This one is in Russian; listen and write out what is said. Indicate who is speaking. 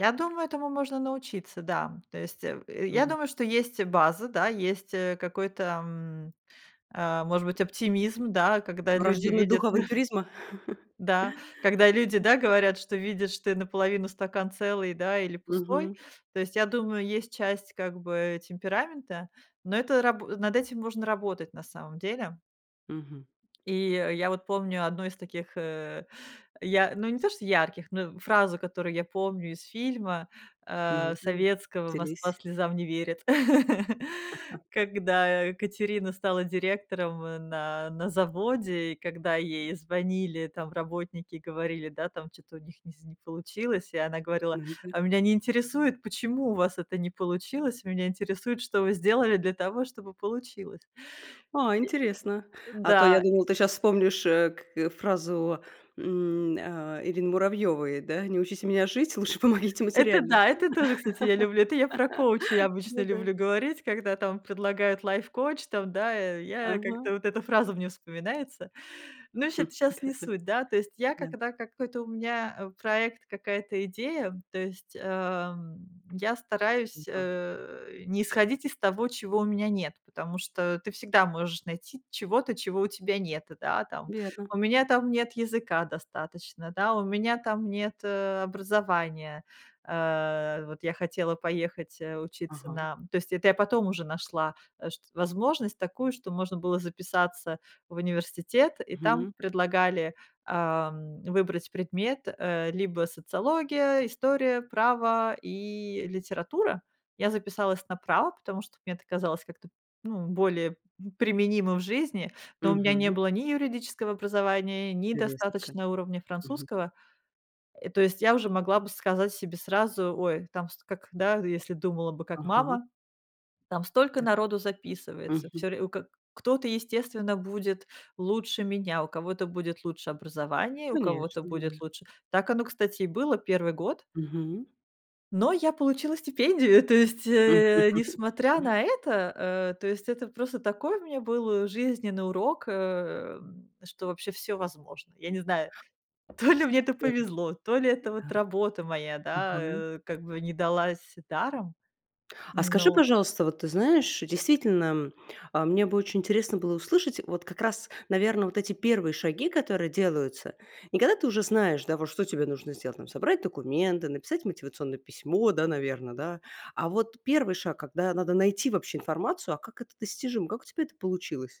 Speaker 1: Я думаю, этому можно научиться, да. То есть, э, в э, я
Speaker 2: Мгм.
Speaker 1: думаю, что есть база, да, есть, э, какой-то, м, э, может быть, оптимизм, да, когда люди
Speaker 2: Врождённый
Speaker 1: видят
Speaker 2: дух авантюризма?
Speaker 1: да, когда люди,
Speaker 2: Мгм.
Speaker 1: да, говорят, что видят, что и наполовину стакан целый, да, или пустой.
Speaker 2: Мгм.
Speaker 1: То есть, я думаю, есть часть, как бы, темперамента, но это рабу над этим можно работать на самом деле.
Speaker 2: Мгм.
Speaker 1: И я вот помню 1 из таких, э, я ну, не то что ярких, ну, фразу, которую я помню из фильма,
Speaker 2: Ну,
Speaker 1: э,
Speaker 2: ден
Speaker 1: советского "Москва
Speaker 2: делись.
Speaker 1: слезам не верит", когда, э, Катерина стала директором, э, на на заводе, и когда ей звонили там работники, говорили, да, там, чё-то у них ни знь не получилось, и она говорила:
Speaker 2: Мгм, аль
Speaker 1: "А меня не интересует, почему у вас это не получилось, меня интересует, что вы сделали для того, чтобы получилось".
Speaker 2: А, интересно.
Speaker 1: И
Speaker 2: А то я
Speaker 1: Н-да.
Speaker 2: думала, ты щас вспомнишь, э, к э, фразу, м, а, Ирины Муравьевой, да. "Не учите меня жить, лучше помогите
Speaker 1: Это
Speaker 2: материально".
Speaker 1: да, это тоже, кстати, я люблю. Это я про коучей обычно
Speaker 2: Да-да.
Speaker 1: люблю говорить, когда там предлагают лайф-коуч, там, да, э, я как-то
Speaker 2: Ага.
Speaker 1: вот эта фраза мне вспоминается. Ну,
Speaker 2: Хм,
Speaker 1: щит щас не
Speaker 2: да-да.
Speaker 1: суть, да, то есть я,
Speaker 2: Да.
Speaker 1: когда какой-то у меня, э, проект, какая-то идея, то есть, эм, я
Speaker 2: М,
Speaker 1: стараюсь,
Speaker 2: а.
Speaker 1: э, не исходить из того, чего у меня нет. Потому что ты всегда можешь найти чего-то, чего у тебя нет, да, там.
Speaker 2: Верно.
Speaker 1: У меня там нет языка достаточно, да, у меня там нет, э, образования. Э, вот, я хотела поехать, э, учиться
Speaker 2: Ага.
Speaker 1: на то есть, это я потом уже нашла, э, шт возможность такую, что можно было записаться в университет, и
Speaker 2: Мгм.
Speaker 1: там предлагали, ам, выбрать предмет: э, либо социология, история, право и литература. Я записалась на право, потому что мне это казалось как-то, ну, более, м, применимо в жизни, но у меня не
Speaker 2: Мгм.
Speaker 1: было ни юридического образования, ни
Speaker 2: Интересно как.
Speaker 1: достаточного уровня
Speaker 2: Мгм.
Speaker 1: французского. И то есть, я уже могла бы сказать себе сразу, ой, там ст как, да, если думала бы как
Speaker 2: Ага.
Speaker 1: мама, там столько
Speaker 2: Так.
Speaker 1: народу записывается,
Speaker 2: Мгм.
Speaker 1: всё ре у ка кто-то, естественно, будет лучше меня, у кого-то будет лучше образование, у
Speaker 2: Конечно,
Speaker 1: кого-то
Speaker 2: да.
Speaker 1: будет лучше так оно, кстати, и было 1 год.
Speaker 2: Мгм.
Speaker 1: Но я получила стипендию. То есть,
Speaker 2: Мгм.
Speaker 1: э, несмотря на это, э, то есть, это просто такой у меня был жизненный урок, эм, что вообще всё возможно. Я не знаю, то ли мне это
Speaker 2: Супер.
Speaker 1: повезло, то ли это
Speaker 2: Да.
Speaker 1: вот работа моя, да,
Speaker 2: Ага.
Speaker 1: э, как бы не далась даром,
Speaker 2: А
Speaker 1: м,
Speaker 2: скажи,
Speaker 1: но
Speaker 2: пожалуйста, вот ты знаешь, действительно, м, а мне бы очень интересно было услышать, вот как раз, наверно, вот эти 1 шаги, которые делаются. Не когда ты уже знаешь, да, вот что тебе нужно сделать, там собрать документы, написать мотивационное письмо, да, наверно, да? А вот 1 шаг, когда надо найти вообще информацию, а как это достижимо, как у тебя это получилось?